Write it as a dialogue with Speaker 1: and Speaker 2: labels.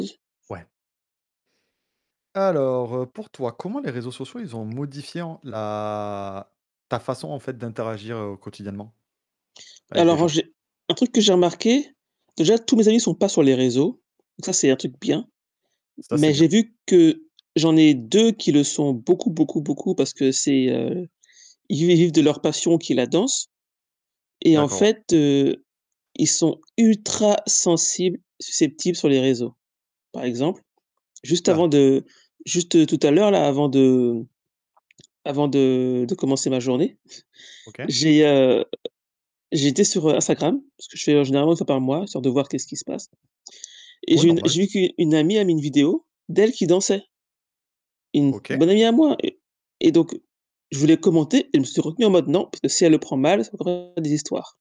Speaker 1: J
Speaker 2: Ouais. Alors, heu, pour toi, comment les réseaux sociaux, ils ont modifié en la ta façon en fait d'interagir, heu, quotidiennement avec des
Speaker 1: Alors, heu,
Speaker 2: gens?
Speaker 1: j'ai un truc que j'ai remarqué, déjà tous mes amis ne sont pas sur les réseaux. Donc ça c'est un truc bien
Speaker 2: Ça, c'est
Speaker 1: mais
Speaker 2: bien.
Speaker 1: j'ai vu que j'en ai 2 qui le sont beaucoup, beaucoup, beaucoup parce que c'est, heu, ils vivent de leur passion qui est la danse et en
Speaker 2: D'accord.
Speaker 1: fait, heu, ils sont ultra sensibles, susceptibles sur les réseaux. Par exemple, juste
Speaker 2: Ouh
Speaker 1: avant
Speaker 2: là!
Speaker 1: de juste, heu, tout à l'heure là, avant de avant de de commencer ma journée,
Speaker 2: OK.
Speaker 1: j'ai, heu, j'étais sur, heu, Instagram, parce que j'y vais, heu, généralement 1 fois par mois, histoire de voir qu'est-ce qui se passe et
Speaker 2: Ouais,
Speaker 1: j'ai une
Speaker 2: normal.
Speaker 1: j'ai vu qu'u une amie a mis une vidéo d'elle qui dansait. Une
Speaker 2: OK.
Speaker 1: bonne amie à moi et et donc je voulais commenter et je me suis retenue en mode: «Non, parce que si elle le prend mal, ça va encore faire des histoires».